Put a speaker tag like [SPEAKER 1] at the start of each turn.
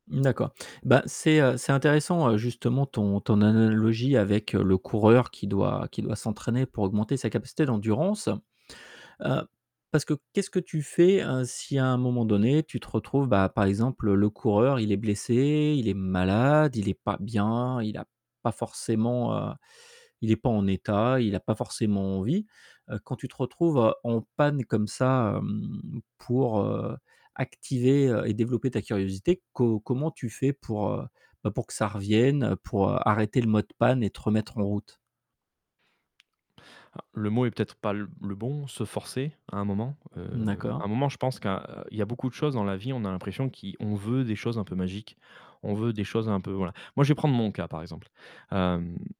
[SPEAKER 1] Mmh, d'accord. Bah c'est, heu, c'est intéressant, heu, justement ton ton analogie avec le coureur qui doit qui doit s'entraîner pour augmenter sa capacité d'endurance. Heu, parce que qu'est-ce que tu fais, heu, si à un moment donné, tu retrouves bah par exemple, le coureur il est blessé, il est malade, il est pas bien, il a pas forcément, heu, il est pas en état, il a pas forcément envie. Heu, quand tu te retrouves en panne comme ça, mmh, pour, heu, activer et développer ta curiosité, co comment tu fais pour heu, bah pour que ça revienne, pour, heu, arrêter le mode panne et te remettre en route?
[SPEAKER 2] Ah, le mot est peut-être pas le bon, se forcer, à un moment. Heu,
[SPEAKER 1] Mmh, d'accord.
[SPEAKER 2] à un moment, je pense que, heu, il y a beaucoup de choses dans la vie, on a l'impression qui on veut des choses un peu magiques. On veut des choses un peu voilà. Moi, je vais prendre mon cas par exemple, hem